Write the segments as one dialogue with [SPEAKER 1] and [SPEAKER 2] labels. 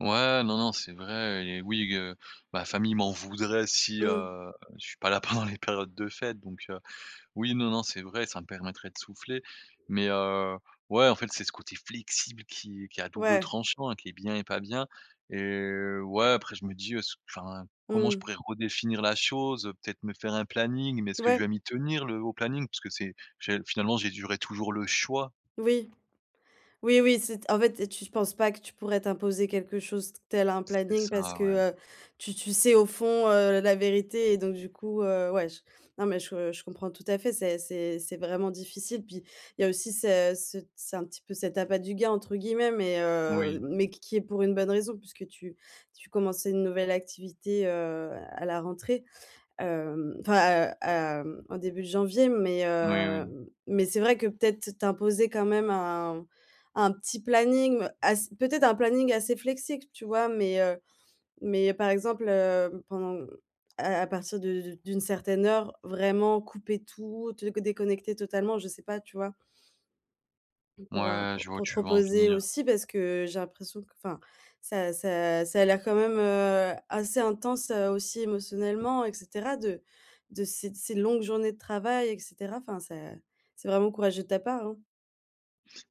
[SPEAKER 1] Ouais, non, non, c'est vrai et oui, g heu, ma famille m'en voudrait si,
[SPEAKER 2] Mmh.
[SPEAKER 1] heu, je suis pas là pendant les périodes de fêtes donc heu, oui, non, non, c'est vrai, ça me permettrait de souffler mais, heu, ouais, en fait, c'est ce côté flexible qui est qui est à double
[SPEAKER 2] Ouais.
[SPEAKER 1] tranchant, qui est bien et pas bien et ouais, après je me dis: «Est-ce que» enfin, comment je
[SPEAKER 2] Mmh.
[SPEAKER 1] pourrais redéfinir la chose? Heu, peut-être me faire un planning mais est-ce que je
[SPEAKER 2] Ouais.
[SPEAKER 1] vais m'y tenir le au planning? Puisque c'est j'ai finalement, j'ai durée toujours le choix.
[SPEAKER 2] Oui, oui, oui. C'est en fait et tu penses pas que tu pourrais t'imposer quelque chose tel un
[SPEAKER 1] C'est
[SPEAKER 2] planning
[SPEAKER 1] ça,
[SPEAKER 2] parce que,
[SPEAKER 1] ouais.
[SPEAKER 2] heu, tu tu sais au fond, heu, la vérité et donc, du coup, heu, ouais, j non, mais je je comprends tout à fait. Ça c'est c'est vraiment difficile. Puis, il y a aussi ce cet c'est un petit peu cet «appât du gain», entre guillemets mais, heu,
[SPEAKER 1] Oui.
[SPEAKER 2] mais qui qui est pour une bonne raison puisque tu tu commençais une nouvelle activité, heu, à la rentrée, hem, enfin, heu, hem, en début de janvier. Mais
[SPEAKER 1] Oui,
[SPEAKER 2] heu
[SPEAKER 1] oui.
[SPEAKER 2] m mais c'est vrai que peut-être t'imposer quand même un un petit planning, ass peut-être un planning assez flexible, tu vois, mais, heu mais par exemple, heu, pendant à à partir de d'une certaine heure, vraiment couper tout, te co déconnecter totalement, je sais pas, tu vois? Et pour, heu,
[SPEAKER 1] Ouais,
[SPEAKER 2] pour
[SPEAKER 1] je vois où
[SPEAKER 2] pour te
[SPEAKER 1] tu veux en
[SPEAKER 2] reposer
[SPEAKER 1] venir.
[SPEAKER 2] aussi, parce que j'ai l'impression q enfin ça ça ça a l'air quand même, heu, assez intense, heu, aussi émotionnellement et cetera, de de ces ces longues journées de travail et cetera. Enfin c'est c'est vraiment courageux de ta part, hein.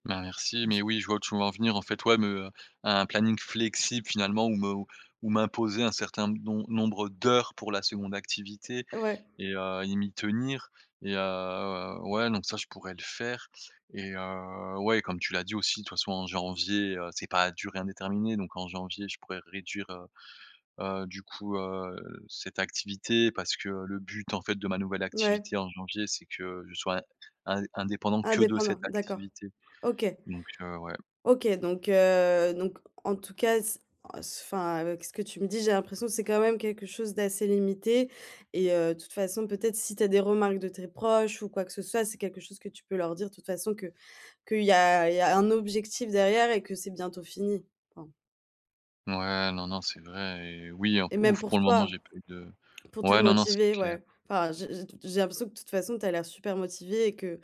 [SPEAKER 1] Ben, merci, mais oui, je vois où tu veux en venir, en fait, ouais, me, heu, un planning flexible finalement ou me ou m'imposer un certain d nom nombre d'heures pour la 2nde activité
[SPEAKER 2] Ouais.
[SPEAKER 1] et heu et m'y tenir et heu, ouais, donc ça je pourrais le faire et heu, ouais, comme tu l'as dit aussi de toute façon, en janvier, heu, c'est pas à durée indéterminée donc en janvier je pourrais réduire, heu, heu, du coup, heu, cette activité, parce que le but, en fait, de ma nouvelle
[SPEAKER 2] Ouais.
[SPEAKER 1] activité en janvier, c'est que je sois in indé indépendant que de
[SPEAKER 2] Indépendant?
[SPEAKER 1] cette
[SPEAKER 2] D'accord.
[SPEAKER 1] activité,
[SPEAKER 2] OK.
[SPEAKER 1] donc heu, ouais.
[SPEAKER 2] OK, donc heu, donc en tout cas, c enfin, avec ce que tu me dis, j'ai l'impression que c'est quand même quelque chose d'assez limité et heu, de toute façon, peut-être si tu as des remarques de tes proches ou quoi que ce soit, c'est quelque chose que tu peux leur dire, de toute façon, que qu'il y a il y a un objectif derrière et que c'est bientôt fini. Enfin
[SPEAKER 1] Ouais, non, non, c'est vrai et oui, en p
[SPEAKER 2] Et même
[SPEAKER 1] ouf,
[SPEAKER 2] pour
[SPEAKER 1] pour le moment
[SPEAKER 2] toi,
[SPEAKER 1] j'ai pas eu de
[SPEAKER 2] pour te
[SPEAKER 1] ouais, non, non, c'est
[SPEAKER 2] motiver,
[SPEAKER 1] clair.
[SPEAKER 2] ouais. Enfin, j'ai j'ai t j'ai l'impression que, de toute façon, tu as l'air super motivé et que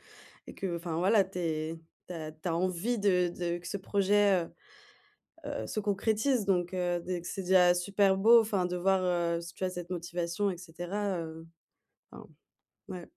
[SPEAKER 2] et que enfin voilà, tu es tu as tu as envie de de que ce projet, heu, heu, se concrétise, donc heu, d c'est déjà super beau, enfin, de voir, heu, si tu as cette motivation et cetera, heu, enfin, ouais.